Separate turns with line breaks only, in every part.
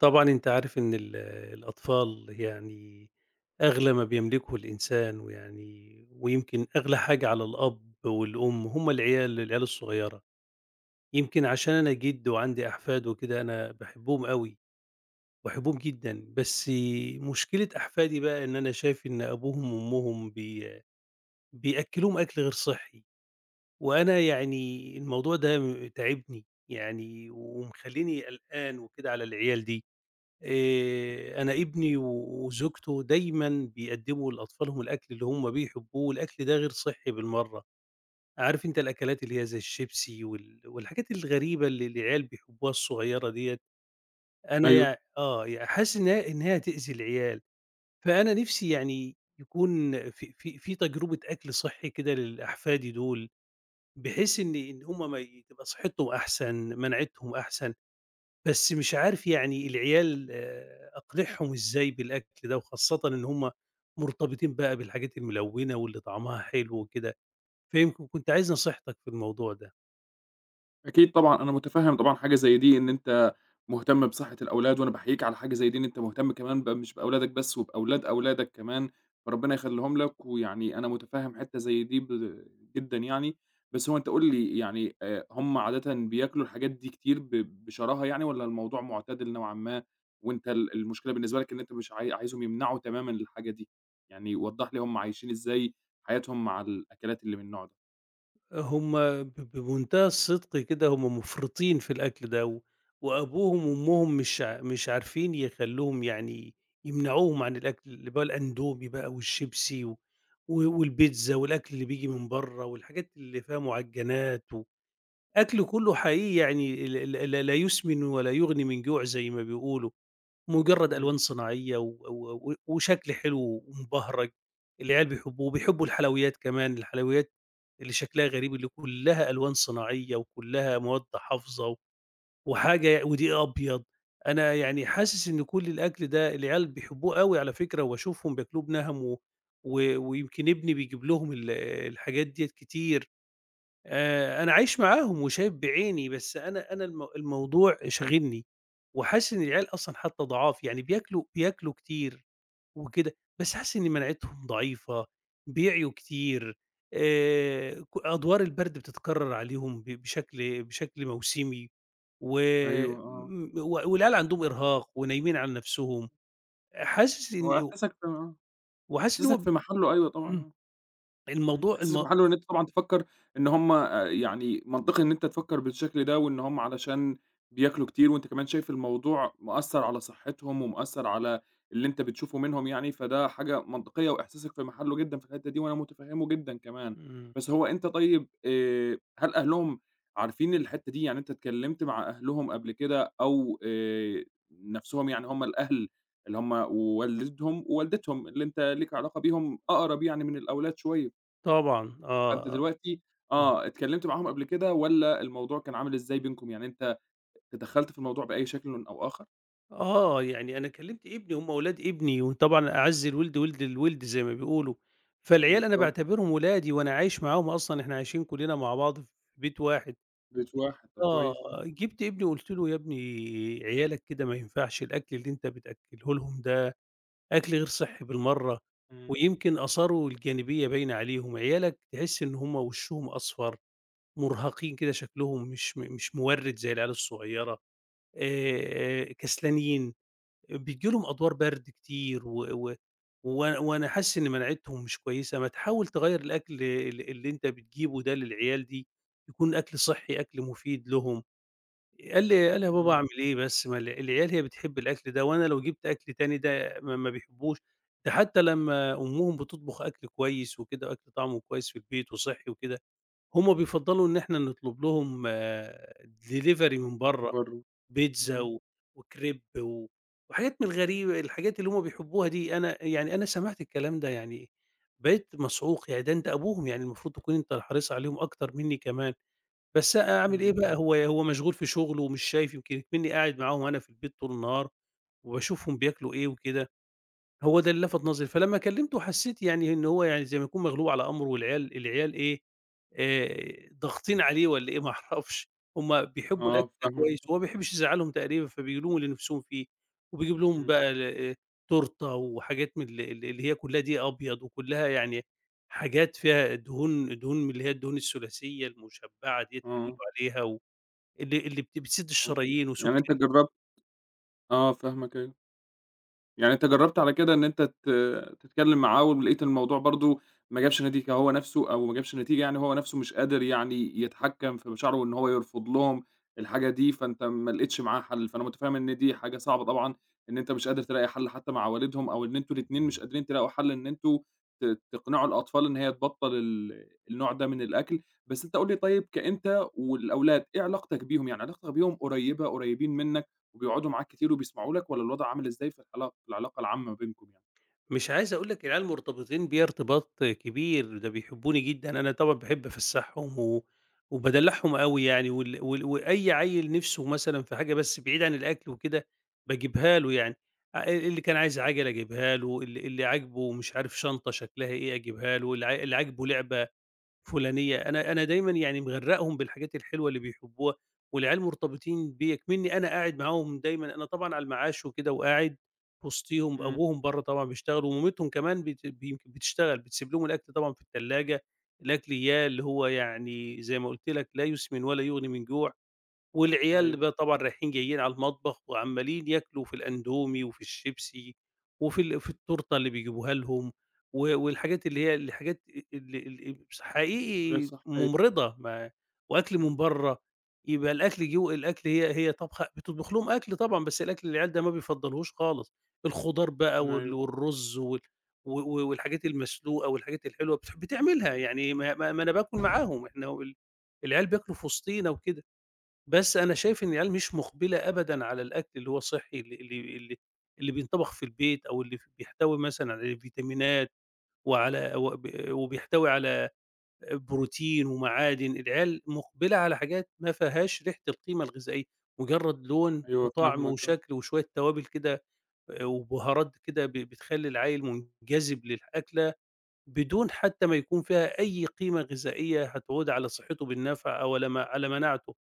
طبعًا أنت عارف إن ال الأطفال يعني أغلى ما بيملكه الإنسان، ويعني ويمكن أغلى حاجة على الأب والأم هُم العيال العيال الصغيّرة. يمكن عشان أنا جِد وعندي أحفاد وكده أنا باحبهم أوي، باحبهم جدًا، بس مشكلة أحفادي بَقى إن أنا شايف إن أبوهم وأمهم بي بيأكلوهم أكل غير صحّي. وأنا يعني الموضوع ده تاعبني يعني ومخليني قلقان وكده على العيال دي. آآ أنا إبني وزوجته دايمًا بيقدموا لأطفالهم الأكل اللي هُم بيحبوه، والأكل ده غير صحّي بالمرّة. عارف أنت الأكلات اللي هي زي الشيبسي وال والحاجات الغريبة اللي العيال بيحبوها الصغيّرة ديّة، أنا
أيوه.
يع آه يع حاسس إن هي إن هي هتؤذي العيال. فأنا نفْسي يعني يكون في في في تجربة أكل صحّي كده للأحفادي دول، بحيث إن إن هُم ماي تبقى صحتهم أحسن مناعتهم أحسن. بس مش عارف يعني العيال آآ أقنعهم إزاي بالأكل ده، وخاصةً إن هُم مرتبطين بقى بالحاجات الملونة واللي طعمها حلو وكده، فيمكن كنت عايز نصيحتك في الموضوع ده.
أكيد طبعًا أنا متفهم طبعًا حاجة زي دي إن أنت مهتم بصحة الأولاد، وأنا باحييك على حاجة زي دي إن أنت مهتم كمان ب مش بأولادك بس وبأولاد أولادك كمان ربنا يخليهم لك. ويعني أنا متفهم حتّة زي دي ب جدًا يعني بس هو أنت قُل لي يعني آآ هُم عادةً بياكلوا الحاجات دي كتير ب بشراهة يعني والّا الموضوع معتدل نوعًا ما، وأنت ال المشكلة بالنسبة لك إن أنت مش عاي عايزهم يمنعوا تمامًا الحاجة دي يعني وضح لي هُم عايشين إزاي حياتهم مع الأكلات اللي من النوع ده؟
هُم ب بمنتهى الصدق كده هُم مُفرطين في الأكل ده، وأبوهم وأمهم مش ع مش عارفين يخلوهم يعني يمنعوهم عن الأكل اللي بال الأندومي بَقى والشيبسي و والبيتزا والأكل اللي بييجي من بَرّه والحاجات اللي فيها معجنات، وأكل كلّه حقيقي يعني ال ال ل لا يسمن ولا يُغنِي من جوع زي ما بيقولوا، مجرّد
إمم.
ألوان صناعية و و و وشكل حلو ومبهرج العيال بيحبوه. وبيحبوا الحلويّات كمان الحلويّات اللي شكلها غريب اللي كلّها ألوان صناعية وكلّها مواد حافظة وحاجة ودقيق أبيض. أنا يعني حاسس إن كل الأكل ده العيال بيحبوه أوي على فكرة، وباشوفهم بياكلوه بِنَهَم و و ويمكن إبني بيجيب لهم ال الحاجات ديّة كتير. آآ أنا عايش معاهم وشايف بعيني، بس أنا أنا المو الموضوع شاغلني وحاسس إن العيال أصلًا حتّى ضعاف، يعني بياكلوا بياكلوا كتير وكده بس حاسس إن مناعتهم ضعيفة بيعيوا كتير. آآ ك أدوار البارد بتتكرر عليهم ب بشكل بشكل موسمي و
أيوه آه.
و والعيال عندهم إرهاق ونايمين على نفسهم حاسس إن
هو
إو
إحساسك آه،
وحاسس إن
إحساسك
هو
في محله أيوَه طبعًا
إمم
آه. إمم
الموضوع
إحساسك في
المو
محله إن أنت طبعًا تفكّر إن هُم آآ يعني منطقي إن أنت تفكّر بالشكل ده، وإن هُم علشان بياكلوا كتير وأنت كمان شايف الموضوع مأثر على صحتهم، ومأثر على اللي أنت بتشوفه منهم يعني، فده حاجة منطقيّة وإحساسك في محله جدًا في الحتّة دي وأنا متفهمه جدًا كمان.
إمم.
بس هو أنت طيّب آآ هل أهلهم عارفين الحتّة دي؟ يعني أنت اتكلّمت مع أهلهم قبل كده، أو آآ نفسهم يعني هُم الأهل اللي هُم والدهم ووالدتهم اللي أنت ليك علاقة بيهم أقرب يعني من الأولاد شويّة.
طبعًا
فأنت
آه آه.
دلوقتي
أمم.
آه اتكلمت معاهم قبل كده والّا الموضوع كان عامل إزاي بينكم يعني أنت تدخلت في الموضوع بأي شكلِِ أو آخر؟
آه، يعني أنا كلّمت ابني، هُم ولاد ابني وطبعًا "أعَز الوِلد وِلد الوِلد" زي ما بيقولوا، فالعيال أنا
بالضبط.
باعتبِرهم ولادي وأنا عايش معاهم أصلًا، إحنا عايشين كلّنا مع بعض في بيت واحد.
بيت واحد، طَب
آه
كويس. آه.
جِبت ابني
[unintelligible]
وقُلت له: "يا ابني عيالك كده ما ينفَعش الأكْل اللي أنت بتأكّله لهم ده أكْل غير صِحّي بالمرّة
إمم.
ويمكن آثاره الجانبية باينة عليهم، عيالك تحس إن هُم وشّهم أصفر، مُرهَقين كده شكلهم مش م مش مورِّد زي العيال الصغيرة، آآ كسلانين، بييجي لهم أدوار برْد كتير و و و وأنا وأنا حاسس إن مناعتهم مش كويسة، ما تحاول تغيّر الأكل ال اللي أنت بتجيبه ده للعيال دي يكون أكْل صِحّي، أكْل مفيد لهم." قال لي قال لي: "يا بابا
إمم.
أعمِل إيه بس، ما الع العيال هي بتحب الأكل ده وأنا لو جِبت أكْل تاني ده ما ما بيحبّهوش، ده حتى لما أمُّهم بتطبُخ أكْل كويس وكده وأكْل طعْمه كويس في البيت وصِحّي وكده، هُم بيفضّلوا إن إحنا نطلب لهم delivery من
من
برّه،
برّه.
بيتزا
إمم.
و وكريب و وحاجات من الغريبة، الحاجات اللي هُم بيحبّوها دي." أنا يعني، أنا سمَعت الكلام ده يعني بقيت مصعوق، يعني ده أنت أبوهم، يعني المفروض تكُون أنت الحريص عليهم أكتر منّي كمان، بس أ أعمِل إيه
إمم.
بقى، هو هو مشغول في شُغله ومش شايف، يمكن إكمنّي قاعد معاهم أنا في البيت طُول النهار وباشوفهم بياكلوا إيه وكده، هو ده اللي لَفَت نظري، فلما كلّمته حسّيت يعني إن هو يعني زي ما يكُون مغلوب على أمره والعيال العيال إيه، آآ ضاغطين عليه والّا إيه ما أعرَفش هُم بيحبّوا الأكْل
آه، فاهمك،
كويس وهو
[unintelligible]
ما بيحبّش يزعّلهم تقريبًا فبيجيب لهم اللي نِفسهم فيه وبيجيب لهم
إمم.
بقى الا تورتة وحاجات من ال ال اللي هي كلّها دَقِيق أبيض وكلّها يعني حاجات فيها دهون دهون من اللي هي الدهون الثلاثية المشبَّعة ديّة اللي بيقولوا
آه.
عليها و اللي اللي بت بتسِد
[unintelligible]
الشرايين
يعني
وسُكَّر
أنت جرّبت آه، فاهمك، أيوه. يعني أنت جرّبت على كده إن أنت ت تتكلّم معاه ولقيت الموضوع برضه ما جابش نتيجة هو نَفسه أو ما جابش نتيجة، يعني هو نَفسه مش قادر يعني يتحكّم في مشاعره وإن هو يرفُض لهم الحاجة دي، فأنت ما لقيتش معاه حَل، فأنا متفهِّم إن دي حاجة صعبة طبعًا إن أنت مش قادر تلاقي حَل حتى مع والِدهم أو إن أنتم الإتنين مش قادرين تلاقوا حَل إن أنتم ت تقنِعوا الأطفال إن هي تبطّل ال النوع ده من الأكْل. بس أنت قُل لي طيب كأنت والأولاد، إيه علاقتك بيهم، يعني علاقتك بيهم قريّبة، قريّبين منك وبيقعُدوا معاك كتير وبيسمَعوا لك والّا الوضْع عامِل إزاي في العلاقة، العلاقة العامة بينكم يعني؟
مش عايز أقول لك العيال مرتبطين بيَّ ارتباط كبير، ده بيحبّوني جدًا، أنا طبعًا باحب أفسّحهم و وبادلّعهم أوي يعني وال وال وأي عيّل نِفسه مثلًا في حاجة بس بِعيد عن الأكل وكده باجيبها له يعني، آآ اللي كان عايز عَجَلة أجيبها له، ال اللي عاجبه مش عارف شنطة شكْلها إيه أجيبها له، اللي اللي عاجبه لعبة فلانية، أنا أنا دايمًا يعني مغرّقهم بالحاجات الحلوة اللي بيحبّوها والعيال مرتبطين بيَّ إكمنّي أنا قاعد معاهم دايمًا، أنا طبعًا على المعاش وكده وقاعد وِسطيهم،
إمم.
أبوهم برّه طبعًا بيشتغل ومامتهم كمان بت ب يمكن بتشتغل، بتسيب لهم الأكْل طبعًا في التلّاجة، الأكل إياه اللي هو يعني زي ما قُلت لك "لا يُسْمِنُ ولا يُغني من جوع" والعيال
أيوه.
بقى طبعًا رايحين جايّين على المطبخ وعمّالين ياكلوا في الأندومي وفي الشيبسي وفي ال في التورتة اللي بيجيبوها لهم و والحاجات، اللي هي الحاجات ال ال مس
غير
حقيقي
صِحيّة.
مُمرِضة، ما وأكْل من
إمم.
برّه، يبقى الأكْل جوّه الأكل هي هي طابخة، بتطبُخ لهم أكْل طبعًا بس الأكْل العيال ده ما بيفضّلهوش خالص، الخضار بقى وال
أيوه.
والرز وال و و والحاجات المسلوقة والحاجات الحلوة بتح بتعملها يعني ما ما ما أنا باكل معاهم، إحنا وال العيال بياكلوا في وسطينا وكده، بس أنا شايف إن العيال مش مُقبِلة أبدًا على الأكْل اللي هو صحّي اللي اللي اللي اللي بينطَبَخ في البيت أو اللي بيحتوي مثلًا على فيتامينات وعلى وب وبيحتوي على بروتين ومعادن، العيال مُقبِلة على حاجات ما فيهاش ريحة القيمة الغذائية، مُجرّد لون
أيوه،
وطعم
فاهمك، آه.
وشكْل وشوية توابل كده آآ وبُهارات كده، ب بتخلّي العيّل مُنجذِب للأكلة بدون حتى ما يكون فيها أي قيمة غذائية هتعود على صِحّته بالنفع أو لما على مناعته،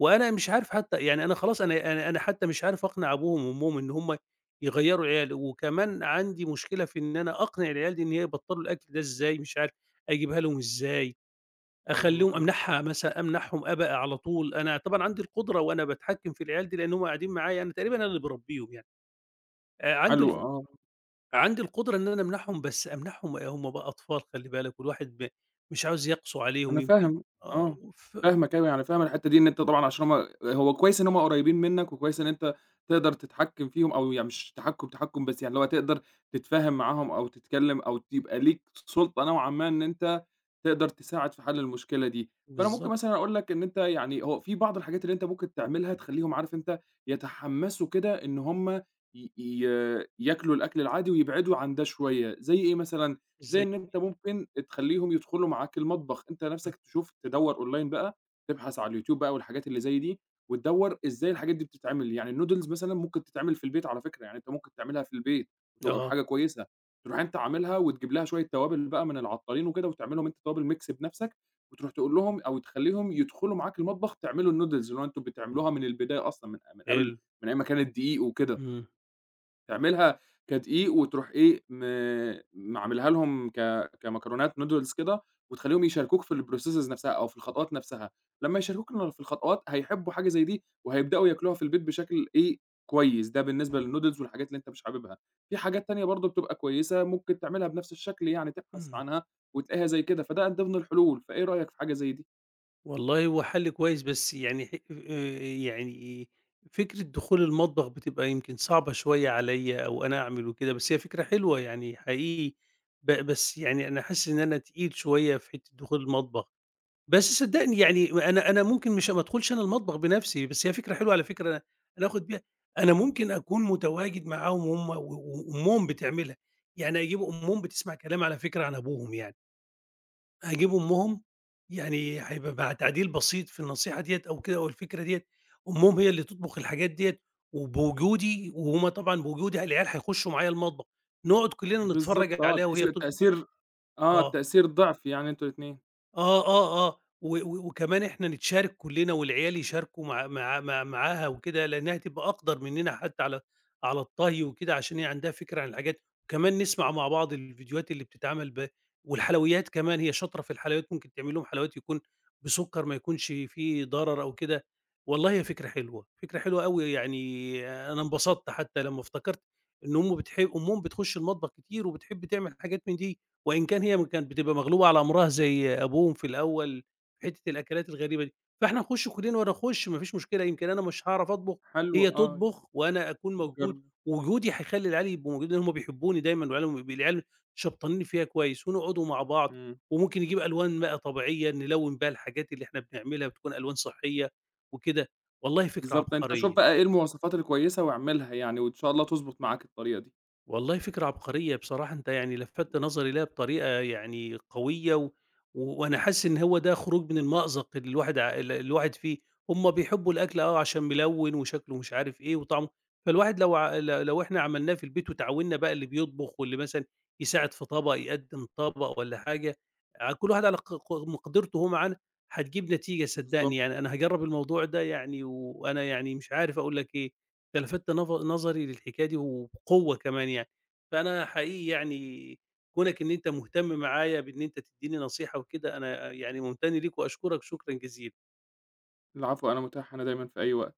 وأنا مش عارف حتى يعني، أنا خلاص، أنا أنا أنا حتى مش عارف أقنِع أبوهم وأمّهم إن هُم يغيّروا العيال وكمان عندي مشكلة في إن أنا أقنِع العيال دي إن هي يبطّلوا الأكْل ده إزاي، مش عارف أجيبها لهم إزاي، أخلّيهم،
فاهمك، آه.
أمنَعها، مثلًا أمنَعهم أبق على طول، أنا طبعًا عندي القُدرة وأنا باتحكّم في العيال دي لأن هُم قاعدين معايا، أنا تقريبًا أنا اللي باربّيهم يعني، آآ عندي
حلو.
الغ
آه.
عندي القُدرة إن أنا أمنَعهم، بس أمنَعهم همُ بقى أطفال خلِّ بالك والواحد ب مش عاوز يقسوا
أنا
عليهم، يمكن
فاهم
آه
آه،
وف
فاهمك، أنا يعني أنا فاهم أنا الحِتّة دي إن أنت طبعًا عشان هُم، هو كويس إن هُم قريّبين منك وكويس إن أنت تقدَر تتحكِّم فيهم أو يع مش تحكُّم، تحكُّم، بس يعني لو تقدَر تتفاهم معاهم أو تتكلّم أو يبقى ليك س سُلطة نوعًا ما إن أنت تقدَر تساعد في حَل المشكلة دي، فأنا ممكن
بالضبط.
مثلًا أقول لك إن أنت يعني، هو في بعْض الحاجات اللي أنت ممكن تعملها تخلّيهم، عارف أنت يتحمّسوا كده إن هُم ي ي ياكلوا الأكْل العادي ويبعِدوا عن ده شوية، زي إيه مثلًا، زي
إزاي
إن
دي؟
أنت ممكن أ تخلّيهم يدخُلوا معاك المطبخ، أنت
إمم.
نَفسك تشوف، تدوّر online بقى، تبحث على اليوتيوب بقى والحاجات اللي زي دي وتدوّر إزاي الحاجات دي بتتعمل، يعني الnoodles مثلًا ممكن تتعمل في البيت على فكرة، يعني أنت ممكن تعملها في البيت، تبقى
آه.
بحاجة كويسة، ترُوح أنت عاملها وتجيب لها شوية توابل بقى من العطّارين وكده وتعمل لهم أنت توابل mix بنَفسك وترُوح تقول لهم أو تخلّيهم يدخُلوا معاك المطبخ تعملوا الnoodles اللي هو أنتم بتعملوها من البداية أصلًا من من قبل،
حلو.
من أيام ما كانت دِقيق وكده.
إمم.
تعملها كدقيق وتروح إيه، م م عاملها لهم ك كمكرونات نودلز كده وتخليهم يشاركوك في الprocesses نفسها أو في الخطوات نفسها، لما يشاركوك ال في الخطوات هيحبوا حاجة زي دي وهيبدأوا ياكلوها في البيت بشكل إيه، كويس ده بالنسبة للنودلز والحاجات اللي أنت مش حاببها. في حاجات تانية برضه بتبقى كويسة ممكن تعملها بنفس الشكل، يعني تبحث
إمم.
عنها وتلاقيها زي كده، فده من ضمن الحلول. فإيه رأيك في حاجة زي دي؟
والله هو حل كويس، بس يعني ح آآ يعني فكرة دخول المطبخ بتبقى يمكن صعبة شوية عليَّ أو أنا أعمل وكده بس هي فكرة حلوة يعني حقيقي، ب بس يعني أنا حاسس إن أنا تقيل شوية في حتة دخول المطبخ، بس صدقني يعني أنا أنا ممكن مش ما ادخلش أنا المطبخ بنفسي، بس هي فكرة حلوة على فكرة أنا آخد بيها، أنا ممكن أكون متواجد معاهم وهُم و و وأمهم بتعملها، يعني أجيب أمهم بتسمع كلامي على فكرة عن أبوهم يعني. هاجيب أمهم يعني هيبقى مع تعديل بسيط في النصيحة ديّة أو كده أو الفكرة ديّة، أمهم هي اللي تطبخ الحاجات ديّة وبوجودي، وهُم طبعًا بوجودي العيال هيخشوا معايا المطبخ نقعد كلنا
بالضبط
نتفرج
آه،
عليها
بحيث
وهي
يبقى
بتطب
التأثير آه،
آه.
التأثير ضِعف، يعني أنتم الاتنين.
آه، آه، آه، و و وكمان إحنا نتشارك كلنا والعيال يشاركوا مع مع مع معاها وكده لأنها تبقى أقدر مننا حتى على على الطهي وكده عشان هي عندها فكرة عن الحاجات، وكمان نسمع مع بعض الفيديوهات اللي بتتعمل ب والحلويات كمان هي شاطرة في الحلويات ممكن تعمل لهم حلويات يكون بسكر ما يكونش فيه ضرر أو كده، والله هي فكرة حلوة، فكرة حلوة أوي يعني أنا انبسطت حتى لما افتكرت إن أمه بتح أمهم بتخش المطبخ كتير وبتحب تعمل حاجات من دي، وإن كان هي كانت بتبقى مغلوبة على أمرها زي أبوهم في الأول حتة الأكلات الغريبة دي، فإحنا نخُش كلنا وأنا أخُش ما فيش مشكلة يمكن أنا مش هاعرف أطبخ
حلو
هي
آه،
تطبخ وأنا أكون موجود
جرب.
ووجودي هيخلي العيال يبقوا موجودين هُم بيحبوني دايمًا وعيالهم العيال شبطانين فيّا كويس ونقعدوا مع بعض،
إمم.
وممكن نجيب ألوان بقى طبيعية نلون بها الحاجات اللي إحنا بنعملها بتكون ألوان صحية وكده. والله فكرة
بالضبط أنت شوف
عبقرية.
بقى إيه المواصفات الكويسة واعملها يعني وإن شاء الله تضبط معاك الطريقة دي.
والله فكرة عبقرية بصراحة أنت يعني لفتّ نظري لها بطريقة يعني قوية و وأنا حاسس إن هو ده خروج من المأزق اللي الواحد ع ال الواحد فيه، هم بيحبوا الأكل آه عشان ملوّن وشكله مش عارف إيه وطعمه فالواحد لو لو لو إحنا عملناه في البيت وتعاونّا بقى اللي بيطبخ واللي مثلًا يساعد في طبق يقدم طبق والَّا حاجة ع كل واحد على ق ق مقدرته وهو معانا هتجيب نتيجة صدقني،
بالضبط.
يعني أنا هاجرب الموضوع ده يعني، وأنا يعني مش عارف أقول لك إيه أنت لفتّ نظ نظري للحكاية دي وبقوة كمان يعني، فأنا حقيقي يعني كونك إن أنت مهتم معايا بإن أنت تديني نصيحة وكده أنا يعني ممتن ليك وأشكرك شكرًا جزيلًا.
العفو أنا متاح هنا دايمًا في أي وقت.